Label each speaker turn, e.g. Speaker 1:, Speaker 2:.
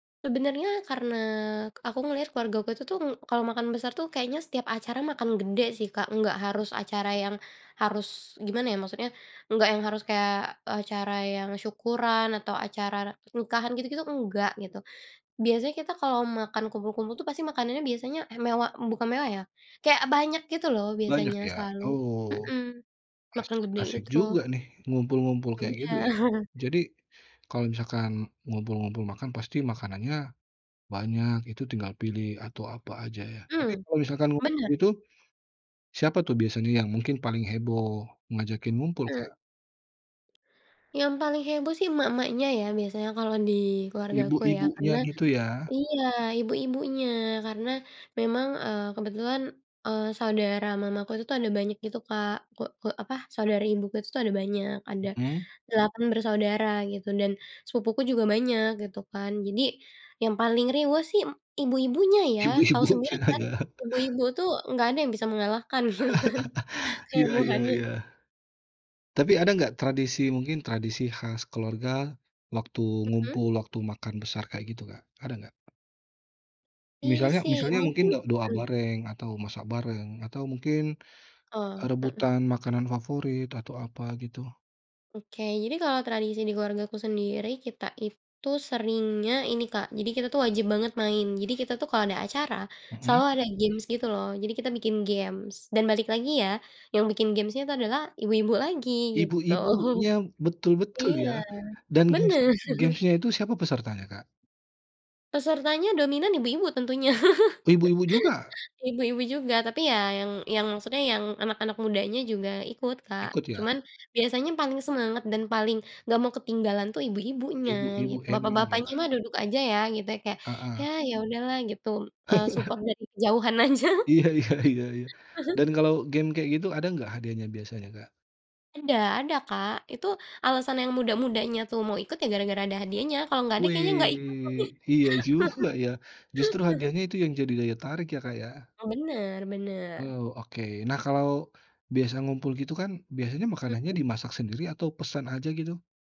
Speaker 1: Sebenarnya karena aku ngelihat keluargaku itu tuh kalau makan besar tuh kayaknya setiap acara makan gede sih Kak nggak harus acara yang harus gimana ya maksudnya nggak yang harus kayak acara yang syukuran atau acara nikahan gitu-gitu enggak gitu, biasanya kita kalau makan kumpul-kumpul itu pasti makanannya biasanya mewah bukan mewah ya kayak banyak gitu loh
Speaker 2: Banyak
Speaker 1: biasanya
Speaker 2: ya
Speaker 1: selalu,
Speaker 2: oh,
Speaker 1: mhm, makan
Speaker 2: asik
Speaker 1: gede
Speaker 2: asik
Speaker 1: gitu.
Speaker 2: juga nih ngumpul-ngumpul
Speaker 1: Iya.
Speaker 2: kayak gitu ya, jadi, kalau misalkan ngumpul-ngumpul makan pasti makanannya, banyak itu tinggal pilih atau apa aja ya tapi
Speaker 1: Mmm,
Speaker 2: kalau misalkan waktu
Speaker 1: bener.
Speaker 2: itu, siapa tuh biasanya yang mungkin paling heboh ngajakin ngumpul,
Speaker 1: Mmm.
Speaker 2: Kak?
Speaker 1: Yang paling heboh sih emak-emaknya ya biasanya kalau dikeluargaku ya
Speaker 2: Ibu-ibunya
Speaker 1: karena,
Speaker 2: gitu ya.
Speaker 1: iya ibu-ibunya karena memang, eee, kebetulan, eee, saudara mamaku itu tuh ada banyak gitu Kak ke ke apa saudari ibuku itu tuh ada banyak ada,
Speaker 2: Mhm.
Speaker 1: 8 bersaudara gitu dan sepupuku juga banyak gitu kan jadi, yang paling riweuh sih em ibu-ibunya ya tahu sendiri
Speaker 2: Ibu-ibunya
Speaker 1: kan,
Speaker 2: ya.
Speaker 1: ibu-ibu tuh nggak ada yang bisa mengalahkan gitu kan kayak
Speaker 2: Ya
Speaker 1: Bu
Speaker 2: ya
Speaker 1: Hani.
Speaker 2: ya. Tapi ada nggak tradisi mungkin tradisi khas keluarga, waktu
Speaker 1: Mhm?
Speaker 2: ngumpul waktu makan besar kayak gitu Kak ada nggak? Misalnya
Speaker 1: Isi
Speaker 2: misalnya mungkin
Speaker 1: mungkin,
Speaker 2: do doa
Speaker 1: mmm.
Speaker 2: bareng atau masak bareng atau mungkin,
Speaker 1: Oh,
Speaker 2: eee,
Speaker 1: heeh.
Speaker 2: rebutan makanan favorit atau apa gitu?
Speaker 1: Oke jadi kalau tradisi dikeluargaku sendiri kita itu seringnya ini Kak jadi kita tuh wajib banget main jadi kita tuh kalau ada acara,
Speaker 2: Mhm?
Speaker 1: selalu ada games gitu loh jadi kita bikin games dan balik lagi ya, yang bikin gamesnya itu adalah ibu-ibu lagi gitu,
Speaker 2: Ibu-ibunya betul-betul
Speaker 1: iya,
Speaker 2: ya dan games
Speaker 1: bener.
Speaker 2: gamesnya itu siapa pesertanya, Kak?
Speaker 1: Pesertanya dominan ibu-ibu tentunya,
Speaker 2: Ibu-ibu juga?
Speaker 1: ibu-ibu juga tapi ya yang yang maksudnya yang anak-anak mudanya juga ikut Kak
Speaker 2: Ikut ya.
Speaker 1: cuman biasanya paling semangat dan paling nggak mau ketinggalan tuh ibu-ibunya gi
Speaker 2: Ibu-ibu emang
Speaker 1: bapak-bapaknya
Speaker 2: ya.
Speaker 1: mah duduk aja ya gitu ya kayak ya
Speaker 2: Heeh.
Speaker 1: ya udahlah gitu, eee, support dari kejauhan aja.
Speaker 2: Iya, iya, iya iya dan kalau game kayak gitu ada nggak hadiahnya biasanya, Kak?
Speaker 1: Ada ada Kak itu alasan yang muda-mudanya tuh mau ikut ya gara-gara ada hadiahnya kalau nggak ada kayaknya nggak ikut
Speaker 2: Weh iya
Speaker 1: deh.
Speaker 2: juga ya, justru hadiahnya itu yang jadi daya tarik ya Kak ya.
Speaker 1: Bener bener.
Speaker 2: Oh oke nah kalau, biasa ngumpul gitu kan biasanya makanannya
Speaker 1: Mhm?
Speaker 2: dimasak sendiri atau pesan aja gitu?